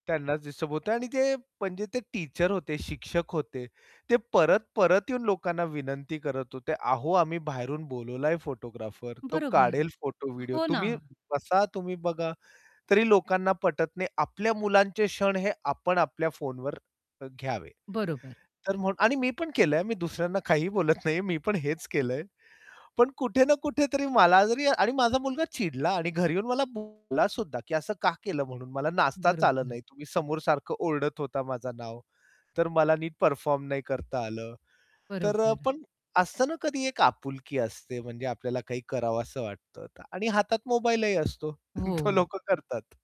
त्यांनाच डिस्टर्ब होतयं आणि ते म्हणजे ते टीचर होते, शिक्षक होते. ते परत-परत येऊन लोकांना विनंती करत होते. "अहो, आम्ही बाहेरून बोलावलं आहे फोटोग्राफर, तो बरोबर. काढेल फोटो, व्हिडिओ. हो ना. तुम्ही बसा, तुम्ही बघा." तरी लोकांना पटत नाही. आपल्या मुलांचे क्षण हे आपण आपल्या फोनवर अ, घ्यावे. बरोबर. तर म्हणून आणि मी पण केलंय. मी दुसऱ्यांना काहीही बोलत नाहीये. मी पण हेच केलंय. पण कुठे ना कुठेतरी मला जरी आणि माझा मुलगा चिडला आणि घरी येऊन मला बोललासुद्धा, की "असं का केलं?" म्हणून "मला नाचताच आलं बरोबर. नाही. तुम्ही समोर सारखं ओरडत होता माझं नाव, तर मला नीट परफॉर्म नाही करता आलं." तर अ, बरोबर. पण असतं ना कधी एक आपुलकी असते म्हणजे आपल्याला काही करावसं वाटतं का आणि हातात मोबाईलही असतो तो हो. लोकं करतात.